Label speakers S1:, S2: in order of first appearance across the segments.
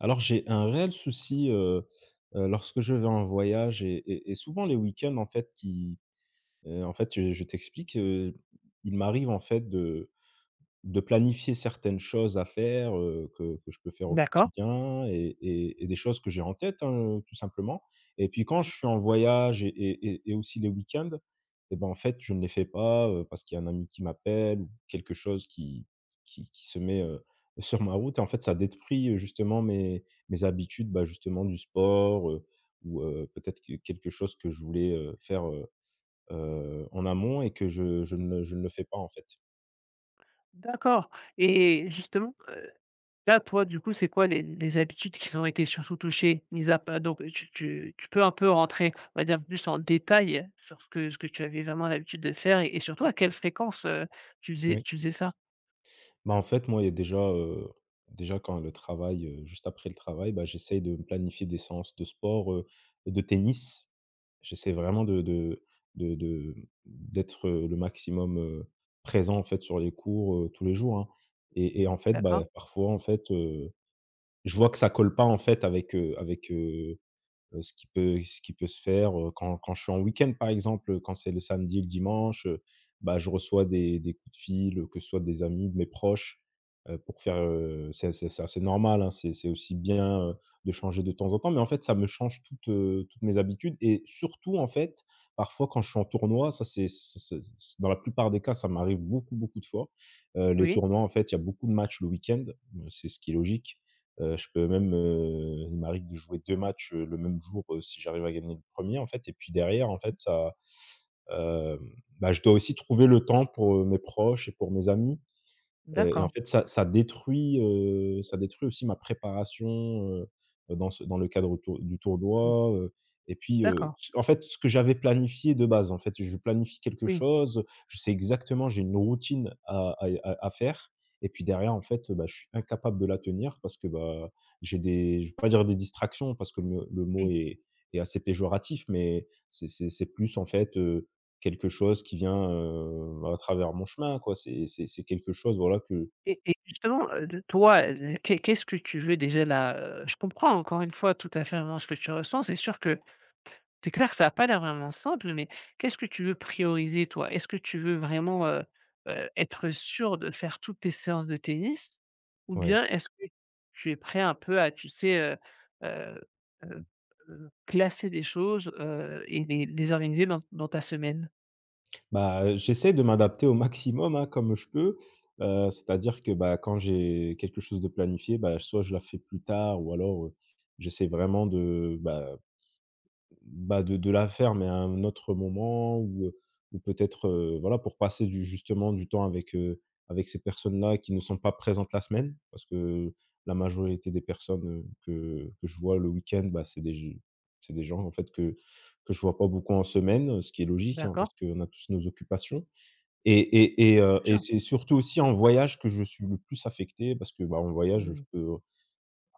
S1: Alors, j'ai un réel souci, heu heu lorsque je vais en voyage et et et souvent les week-ends en fait qui, heu, en fait, heu, je t'explique, heu, il m'arrive, en fait de de planifier certaines choses à faire, heu, que que je peux faire au
S2: D'accord.
S1: quotidien et et et des choses que j'ai en tête hein, heu, tout simplement et puis quand
S2: Mmh.
S1: je suis en voyage et et et aussi le week-end et bah en fait, je ne les fais pas, heu, parce qu'il y a un ami qui m'appelle, ou quelque chose qui qui qui se met, heu, sur ma route et en fait, ça détruit, heu, justement mes mes habitudes bah justement du sport, heu, ou, heu, peut-être que quelque chose que je voulais, heu, faire, heu heu, en amont et que je je ne le je ne le fais pas en fait.
S2: D'accord et justement, heu, là, toi du coup, c'est quoi les les habitudes qui sont été surtout touchées? Mis à pa donc heu, tu tu tu peux un peu rentrer, on va dire, un peu plus en détail sur ce que ce que tu avais vraiment l'habitude de faire et et surtout à quelle fréquence, heu, tu faisais
S1: Oui.
S2: tu faisais ça?
S1: Bah en fait, moi, il y a déjà, heu, déjà quand le travail, heu, juste après le travail, bah j'essaye de me planifier des séances de sport, heu, de tennis. J'essaie vraiment de de de de d'être, heu, le maximum, heu, présent, en fait, sur les cours, heu, tous les jours, hein et et en fait,
S2: D'accord.
S1: bah, parfois en fait, heu, je vois que ça colle pas en fait, avec, heu, avec, heu heu ce qui peut ce qui peut se faire, heu, quand quand je suis en week-end par exemple, heu, quand c'est le samedi et le dimanche, heu, bah, je reçois des des coups de fil, au que ce soit des amis, de mes proches, heu, pour faire, heu, c'est c'est c'est assez normal hein, c'est c'est aussi bien, heu, de changer de temps en temps. Mais en fait, ça me change toutes, heu, toutes mes habitudes et surtout, en fait, parfois quand je suis en tournoi, ça c'est c'est ça ça c'est dans la plupart des cas, ça m'arrive beaucoup, beaucoup de fois, heu, les
S2: Oui.
S1: tournois en fait, il y a beaucoup de matchs le week-end. Mais, c'est ce qui est logique, heu, je peux même, heu, il m'arrive de jouer 2 matchs, heu, le même jour si j'arrive à gagner le 1er en fait et puis derrière en fait ça, heu, hem, bah, je dois aussi trouver le temps pour, heu, mes proches et pour mes amis et et en
S2: D'accord.
S1: fait ça ça détruit, heu, ça détruit aussi ma préparation, heu heu, dans ce dans le cadre tour du
S2: Mmh.
S1: tournoi, heu et puis heu,
S2: D'accord.
S1: en fait, ce que j'avais planifié de base, en fait, je planifie quelque
S2: Oui.
S1: chose, je sais exactement, j'ai une routine à à y à à faire et puis derrière, en fait, heu, bah, je suis incapable de la tenir parce que bah, j'ai des je vais pas dire des distractions, parce que me le mot
S2: Oui.
S1: est est assez péjoratif, mais c'est c'est c'est plus, en fait heu, quelque chose qui vient, heu, à travers mon chemin quoi. C'est c'est c'est quelque chose voilà que
S2: Et et justement, heu, de toi, heu, l qu'est qu'est-ce que tu veux déjà, là, heu, je comprends encore une fois tout à fait, vraiment, ce que tu ressens. C'est sûr que, tu es clair que ça n'a pas l'air vraiment simple, mais qu'est-ce que tu veux prioriser toi? Est-ce que tu veux vraiment, heu heu, être sûr de faire toutes tes séances de tennis? Ou
S1: Ouais.
S2: bien, est-ce que tu es prêt un peu à, tu sais? Heu heu heu heu, classer des choses, heu et les les organiser dans dans ta semaine?
S1: Bah, heu, j'essaie de m'adapter au maximum hein comme je peux, heu, c'est-à-dire que bah quand j'ai quelque chose de planifié, bah, soit je la fais plus tard ou alors, heu, j'essaie vraiment de, bah, heu, bah de de la faire, mais à un autre moment ou, heu, ou peut-être voilà pour passer du, justement du temps avec, heu, avec ces personnes là qui ne sont pas présentes la semaine, parce que la majorité des personnes, heu, que que je vois le week-end, bah c'est g c'est des gens en fait que que je vois pas beaucoup en semaine, heu, ce qui est logique hein parce
S2: D'accord.
S1: qu'on a tous nos occupations et et et heu,
S2: Bien
S1: et
S2: sur.
S1: c'est surtout aussi en voyage que je suis le plus affecté parce que bah en voyage,
S2: Mmh
S1: je
S2: mh.
S1: peux, en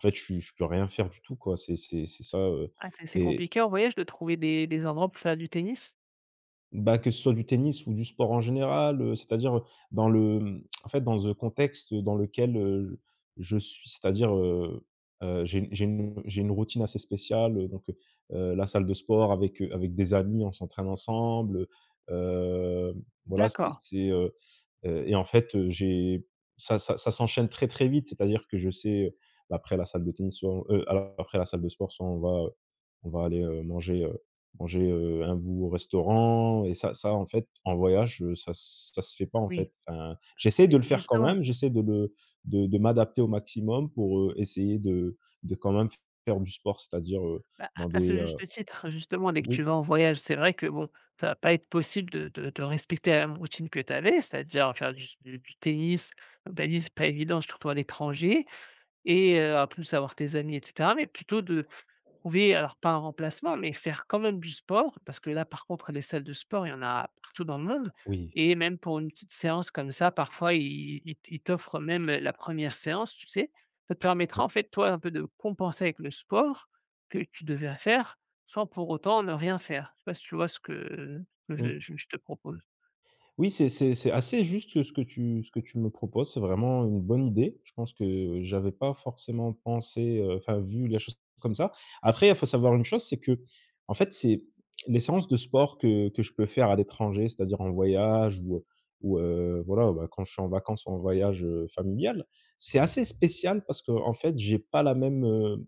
S1: fait je suis je peux rien faire du tout quoi. C'est c'est c'est ça, heu,
S2: Ah c'est assez
S1: et
S2: compliqué, en voyage, de trouver des des endroits pour faire du tennis?
S1: Bah que ce soit du tennis ou du sport en général, heu, c'est-à-dire, heu, dans le hem, en fait dans le contexte dans lequel, heu, je suis, c'est-à-dire, heu, heu, j'ai une j'ai une j'ai une routine assez spéciale, heu, donc, heu, heu, la salle de sport avec, heu, avec des amis on s'entraîne ensemble heu voilà c'est
S2: D'accord.
S1: c'est, heu, heu et en fait, heu, j'ai, ça ça ça s'enchaîne très, très vite c'est-à-dire que je sais, heu, bah après la salle de tennis sur heu a après la salle de sport soit on va, heu, on va aller, heu, manger, heu, manger, heu, un bout au restaurant et ça ça en fait en voyage ça se ça se fait pas en fait,
S2: Oui,
S1: enfin, j'essaie de
S2: beh
S1: le faire quand
S2: justement
S1: même, j'essaie de le de de m'adapter au maximum pour, heu, essayer de de quand même faire du sport c'est-à-dire, heu,
S2: Bah
S1: dans
S2: à à ce
S1: des, heu
S2: juste titre, justement, dès que tu
S1: oui?
S2: vas en voyage, c'est vrai que bon, ça va pas être possible de de de respecter la même routine que tu avais, c'est-à-dire faire du s du du tennis, un tannis c'est pas évident surtout à l'étranger et heu, en plus avoir tes amis, et cetera, mais plutôt de, trouver, alors pas un remplacement, mais faire quand même du sport. Parce que là, par contre, les salles de sport, il y en a partout dans le monde
S1: Oui.
S2: et même pour une petite séance comme ça, parfois, ils ils t ils t'offrent même la première séance tu sais? Ça te permettra en
S1: Oui.
S2: fait, toi, un peu de compenser avec le sport que tu devais à faire sans pour autant ne rien faire. Je sais pas si tu vois ce que, heu, que
S1: Oui.
S2: je je je te propose?
S1: Oui c'est c'est c'est assez juste, heu, ce que tu ce que tu me proposes, c'est vraiment une bonne idée. Je pense que j'avais pas forcément pensé, heu, enfin vu la chose comme ça. Après faut savoir une chose, c'est que, en fait c'est, les séances de sport que que je peux faire à l'étranger, c'est-à-dire en voyage ou, heu, ou, heu, voilà, ou bah quand je suis en vacances ou en voyage, heu, familial, c'est assez spécial parce qu'en fait j'ai pas la même, heu,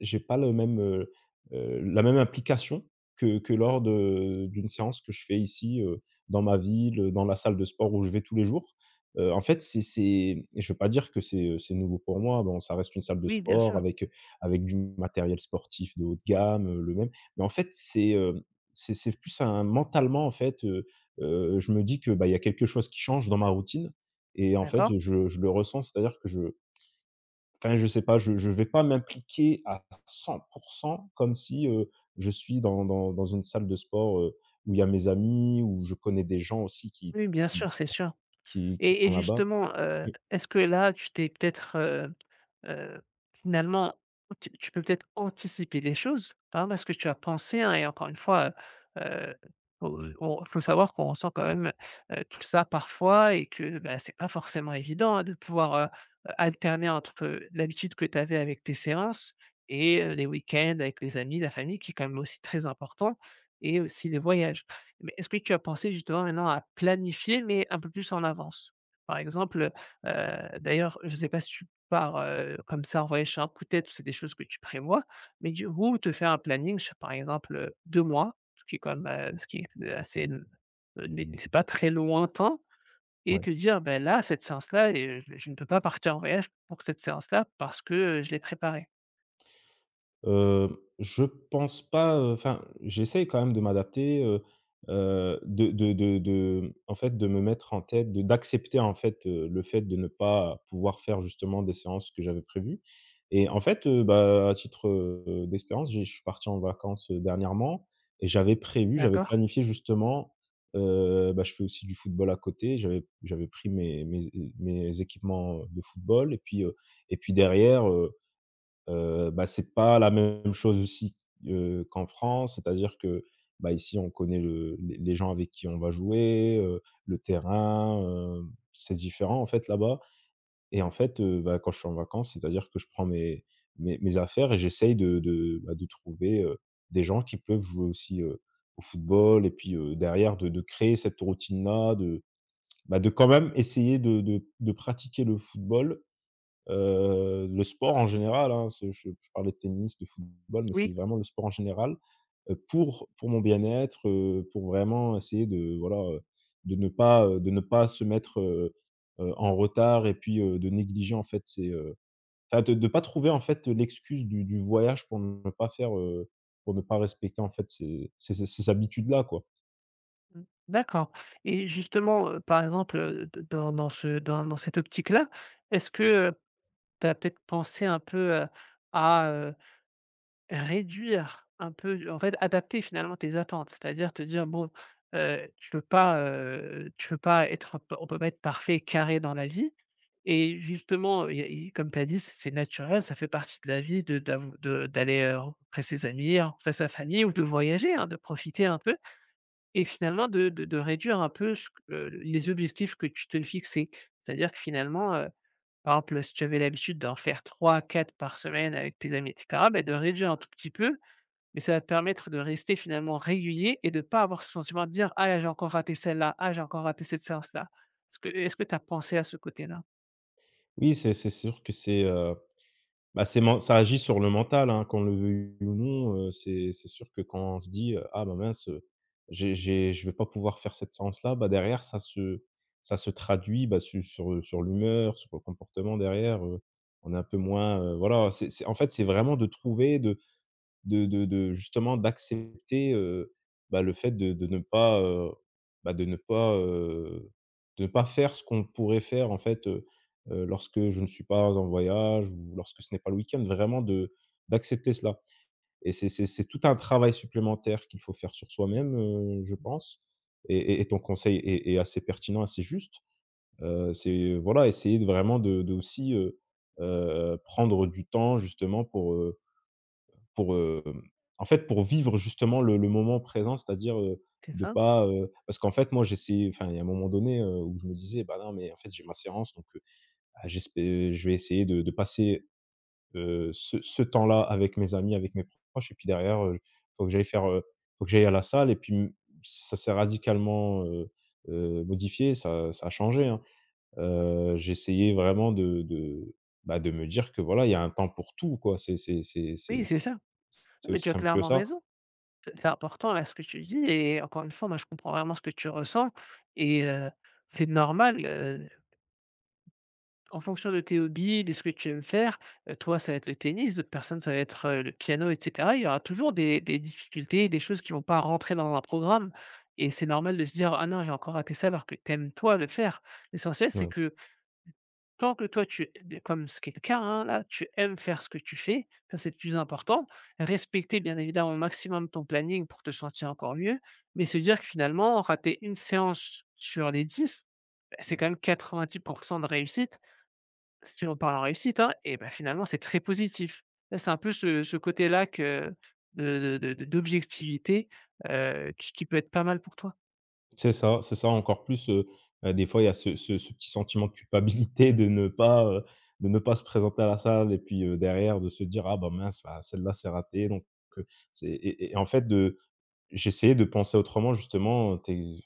S1: j'ai pas le même, heu, heu, la même implication que que lors de, d'une séance que je fais ici, heu, dans ma ville, dans la salle de sport où je vais tous les jours. Heu, en fait c'est c'est et je veux pas dire que c'est, heu, c'est nouveau pour moi, bon ça reste une salle de
S2: Oui bien
S1: sport
S2: sûr.
S1: avec, heu, avec du matériel sportif de haut de gamme, heu, le même. Mais en fait c'est, hem, c'est c'est plus un mentalement en fait, heu, heu, je me dis que, bah il y a quelque chose qui change dans ma routine et en fait,
S2: D'accord.
S1: heu, je je le ressens, c'est-à-dire que je enfin je sais pas, je je vais pas m'impliquer à 100% comme si, heu, je suis dans dans dans une salle de sport, heu, où il y a mes amis, où je connais des gens aussi qui
S2: Oui, bien
S1: qui
S2: sûr, c'est sûr
S1: qui qui
S2: et
S1: sont
S2: et
S1: là-bas.
S2: justement, heu,
S1: Oui.
S2: est-ce que là, tu t'es peut-être, heu heu, finalement, tu tu peux peut-être anticiper des choses. Hein, parce que tu as pensé hein et encore une fois, heu, heu, oh, heu, on faut savoir qu'on ressent quand même, heu, tout ça parfois et que bah c'est pas forcément évident hein de pouvoir, heu, heu, alterner entre l'habitude que tu avais avec tes séances et heu, les week-ends avec les amis, la famille qui est quand même aussi très important et aussi les voyages. Mais est-ce que tu as pensé justement maintenant à planifier, mais un peu plus en avance? Par exemple, heu heu d'ailleurs, je sais pas si tu pars, heu, comme ça en voyage sur un coup de tête, ou c'est des choses que tu prévois, mais du ou te faire un planning, sur par exemple, heu, 2 mois, ce qui est quand même, heu, ce qui peut assez n heu, né né c'est pas très lointain et
S1: Ouais.
S2: te dire bah là cette séance là est j je ne peux pas partir en voyage pour cette séance-là parce que, heu, je l'ai préparée.
S1: Hem, je pense pas, heu, enfin j'essaie quand même de m'adapter, heu, heu, de de de de en fait de me mettre en tête de d'accepter en fait, heu, le fait de ne pas pouvoir faire justement des séances que j'avais prévu et en fait, heu, bah à titre heu, d'expérience j'ai je suis parti en vacances, heu, dernièrement et j'avais prévu, j'avais
S2: D'accord.
S1: planifié justement, heu, bah je fais aussi du football à côté j'avais p j'avais pris mes mes é heu, mes équipements, heu, de football et puis, heu, et puis derrière, heu, heu, bah c'est pas la même chose aussi, heu, qu'en France, c'est-à-dire que bah ici on connaît le les les gens avec qui on va jouer, heu, le terrain, heu, c'est différent en fait là-bas et en fait, heu, bah quand je suis en vacances, c'est-à-dire que je prends mes mes mes mes affaires et j'essaye de de bah de trouver, heu, des gens qui peuvent jouer aussi, heu, au football et puis, heu, derrière de de créer cette routine là, de, bah de quand même essayer de de de pratiquer le football, heu, le sport en général hein, se je je parle de tennis, de football, mais c'est
S2: Oui.
S1: vraiment le sport en général, heu, pour pour mon bien-être, heu, pour vraiment essayer de voilà, heu, de ne pas, heu, de ne pas se mettre, heu, heu, en retard et puis, heu, de négliger en fait ces, heu, enfin de-de pas trouver en fait l'excuse du du voyage pour ne pas faire, heu, pour ne pas respecter en fait ces ces ces ces habitudes là quoi.
S2: Mmh, d'accord et justement, heu, par exemple, heu, de dans dans ce dans dans cette optique là. Est-ce que, heu, tu as peut être pensé un peu, heu, à heu, réduire un peu du en fait adapter finalement tes attentes. C'est à dire, te dire bon, heu, tu peux pas, heu tu peux pas être on p on peut pas être parfait et carré dans la vie et justement il y a i comme tu as dit, c'est c naturel, ça fait partie de la vie. De d'av de d'aller, heu, rencontrer ses amis, rencontrer sa famille ou de voyager, hein de profiter un peu. Et finalement de de de réduire un peu ce q heu, les objectifs que tu te fixais. C'est-à-dire que finalement, heu, par exemple si tu avais l'habitude d'en faire 3-4 par semaine avec tes amis et cetera. Bah de réduire un tout petit peu. Mais ça va te permettre de rester finalement régulier et de pas avoir ce sentiment de dire: «Ah là là j'ai encore raté celle-là, ah j'ai encore raté cette séance là». Est-ce que est-ce que tu as pensé à ce côté-là?
S1: Oui, c'est c'est sûr que c'est, heu bah c'est ment ça agit sur le mental, hein qu'on le veuille ou non. Heu, c'est c'est sûr que quand on se dit, heu: «Ah bah mince, heu, j'ai j'ai je vais pas pouvoir faire cette séance là» bah derrière, ça se ça se traduit, bah su sur, heu sur l'humeur, sur le comportement. Derrière, heu, on est un peu moins, heu voilà c'est c'est en fait c'est vraiment de trouver de de de de justement d'accepter. Heu, bah, le fait de de ne pas, heu, bah, de ne pas, heu de pas faire ce qu'on pourrait faire en fait. Heu, heu, lorsque je ne suis pas en voyage ou lorsque ce n'est pas le week-end, vraiment de d'accepter cela. Et c'est c'est c'est tout un travail supplémentaire qu'il faut faire sur soi-même, heu, je pense. Et et et ton conseil est est assez pertinent, assez juste. Heu, c'est voilà essayer de vraiment de de aussi, heu, heu heu, prendre du temps justement pour, heu, pour, hem, en fait pour vivre justement le le moment présent. C'est-à-dire, heu,
S2: C'est
S1: de
S2: ça.
S1: pas heu, parce qu'en fait moi j'essaye, enfin il y a un moment donné, heu, où je me disais: «Ben non mais en fait j'ai ma séance donc, heu, ah j'espè heu, je vais essayer de de passer, heu, ce ce temps-là avec mes amis, avec mes proches et puis derrière, heu, faut que j'aille faire, heu faut que j'aille à la salle» et puis m ça s'est radicalement, heu heu, modifié. Ça, heu, ça a changé, hein. Heu, j'essayais vraiment de de bah de me dire que voilà, il y a un temps pour tout quoi. C'est c'est c'est
S2: Oui,
S1: c'est c
S2: c'est ça.
S1: c'est
S2: Mais
S1: aussi
S2: tu as
S1: simple que
S2: clairement
S1: ça.
S2: raison. C'est c'est important là ce que tu dis et encore une fois, moi je comprends vraiment ce que tu ressens et heu, c'est normal, heu. En fonction de tes hobbies, de ce que tu aimes faire, heu, toi ça va être le tennis, d'autres personnes ça va être, heu, le piano et cetera. Il y aura toujours des des difficultés et des choses qui vont pas rentrer dans un programme et c'est normal de se dire: «Ah non, j'ai encore raté ça», alors que tu aimes toi le faire. L'essentiel c'est
S1: Ouais.
S2: que tant que toi tu es comme ce qui est le cas, hein. Là tu aimes faire ce que tu fais, ça, c'est le plus important. Respecter bien évidemment au maximum ton planning, pour te sentir encore mieux. Mais se dire que finalement, rater 1 séance sur les 10, beh, c'est quand même 90% de réussite. Si on parle en réussite, hein et bah, finalement c'est très positif. Hein, c'est un peu ce ce côté-là que de de de d'objectivité, heu, qui qui peut être pas mal pour toi.
S1: C'est ça, c'est ça encore plus, heu, bah, des fois il y a ce ce ce petit sentiment de culpabilité de ne pas, heu de ne pas se présenter à la salle. Et puis, heu, derrière de se dire: «Ah ben mince, bah heu celle-là c'est raté». Donc, heu c'est et et et en fait de j'essayais de penser autrement justement. Heu, t'es v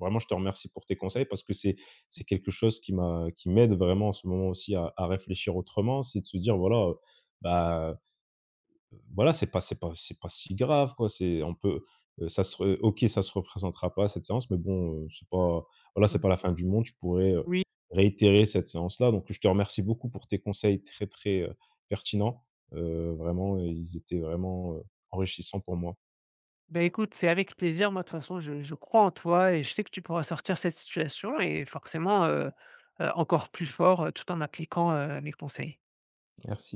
S1: vraiment je te remercie pour tes conseils parce que c'est c'est quelque chose qui m'a qui m'aide vraiment en ce moment, aussi à à réfléchir autrement. C'est de se dire voilà, heu, bah voilà, c'est pas c'est pas c'est pas si grave quoi. C'est on peut, heu ça se re OK, ça se représentera pas cette séance. Mais bon, heu, c'est pas voilà c'est
S2: Mmh.
S1: pas la fin du monde. Je pourrais, heu,
S2: Oui.
S1: réitérer cette séance là. Donc je te remercie beaucoup pour tes conseils très, très, heu, pertinents. Heu, vraiment ils étaient vraiment, heu, enrichissants pour moi.
S2: Beh écoute, c'est avec plaisir, moi de toute façon, je je crois en toi. Et je sais que tu pourras sortir de cette situation et forcément, heu, heu, encore plus fort. Heu, tout en appliquant, heu, mes conseils.
S1: Merci.